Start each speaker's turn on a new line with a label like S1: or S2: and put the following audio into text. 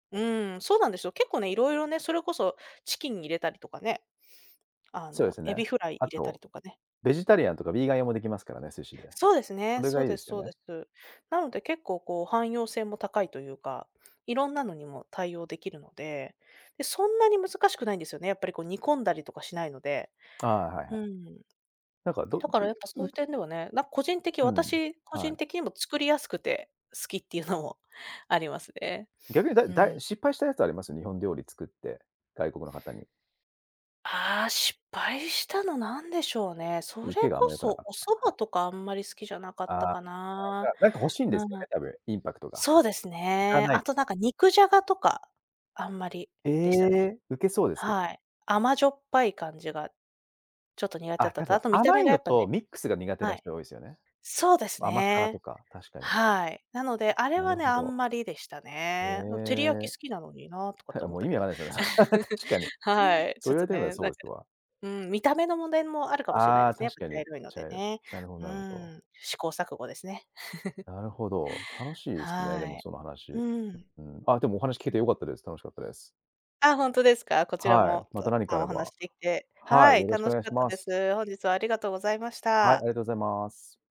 S1: うん、そうなんですよ。結構ね、いろいろね、それこそ、チキン入れたりとかね。あ
S2: そうで
S1: の、
S2: すよ
S1: エ
S2: ね。
S1: ビフライ
S2: あ
S1: 入れたり
S2: と、
S1: とかね。
S2: ベジタリアンとかビーガン用もできますからね、寿司で。
S1: そうです
S2: そ
S1: ね、
S2: れ
S1: そ
S2: が
S1: う
S2: いいで
S1: で
S2: す
S1: す
S2: よ
S1: そうで
S2: ね。
S1: す。なので結構こう汎用性も高いというか、いろんなのにも対応できるので、で、そんなに難しくないんですよね、やっぱりこう煮込んだりとかしないので。
S2: ああ、はいは
S1: う
S2: い。
S1: ん。
S2: なんか、ど
S1: だか
S2: い
S1: ら、やっぱそう
S2: う
S1: いう点ではね、なん個人的
S2: うん。
S1: 私個
S2: は
S1: 人
S2: い。
S1: 的にも作りやすくて、好きっていうのもありますね。
S2: 逆にだ
S1: う
S2: だ
S1: ん。
S2: い、失敗したやつあります？日本料理作って。外国の方に。
S1: ああ、失敗したのなんでしょうね。それ
S2: 受けがあん
S1: こ
S2: ま良くな
S1: そ
S2: かっ
S1: お
S2: た、
S1: 蕎
S2: はい。
S1: 麦とかあんまり好きじゃなかった
S2: ああ、
S1: か
S2: だ
S1: な。
S2: なんなんか欲しいんで
S1: な
S2: すよね、
S1: な
S2: 多分。インパクトが。
S1: そうです
S2: いか
S1: ね。
S2: ない
S1: あ
S2: で
S1: と
S2: す
S1: な
S2: か。
S1: んか肉じゃがとか、あんまり
S2: え
S1: でしたね。
S2: え。ウケそうですけど。
S1: はい。甘じょっぱい感じが、ちょっと苦手だっ
S2: あ、
S1: た
S2: 多
S1: と。
S2: 分
S1: あと見た
S2: 甘
S1: 目
S2: い
S1: がや
S2: の
S1: っぱね。
S2: とミックスが苦手
S1: は
S2: な
S1: い。
S2: 人多いですよね。
S1: そうです
S2: 甘辛と
S1: ね。
S2: か、確かに。
S1: はい。なので、あれ
S2: なる
S1: はね、
S2: ほ
S1: あ
S2: ど。
S1: んまりでした
S2: へ
S1: ね。うん、照り焼き
S2: え。
S1: 好きなのになとかって
S2: は、あ、
S1: 思
S2: も
S1: っ
S2: う
S1: た
S2: 意味
S1: け
S2: わか
S1: ど。
S2: んないですよね、それ確かに。
S1: はい、
S2: そ
S1: ち
S2: う
S1: ょっ
S2: 言わ
S1: と
S2: れてみれば
S1: ね、
S2: そ
S1: なん
S2: う
S1: か。
S2: ですわ。
S1: うん、見た目の問題もあるかもしれない
S2: あ
S1: で
S2: あ、
S1: すね、やっ
S2: 確
S1: ぱ
S2: か
S1: 茶
S2: に。
S1: 色いの
S2: ちゃ
S1: で
S2: う。
S1: ね。
S2: なるほど
S1: う
S2: なるほど。
S1: ん、試行錯誤ですね。
S2: なるほど、楽しいいすね、で
S1: は
S2: も
S1: い。
S2: その話。
S1: うん。
S2: うん、あでもお話聞け
S1: そう。
S2: てよかったです、楽しかったです。
S1: あ、本当ですか。こちら
S2: はい、
S1: も、
S2: ま
S1: た
S2: た
S1: く
S2: 何か
S1: さ
S2: あ
S1: んお
S2: れ
S1: 話
S2: ば。
S1: しできて、
S2: は
S1: は
S2: い。
S1: い、
S2: よろしくお
S1: 楽し
S2: 願い
S1: かっ
S2: し
S1: た
S2: ま
S1: で
S2: す。
S1: す。本日はありがとうございまし
S2: はい、あり
S1: た。
S2: がとうございます。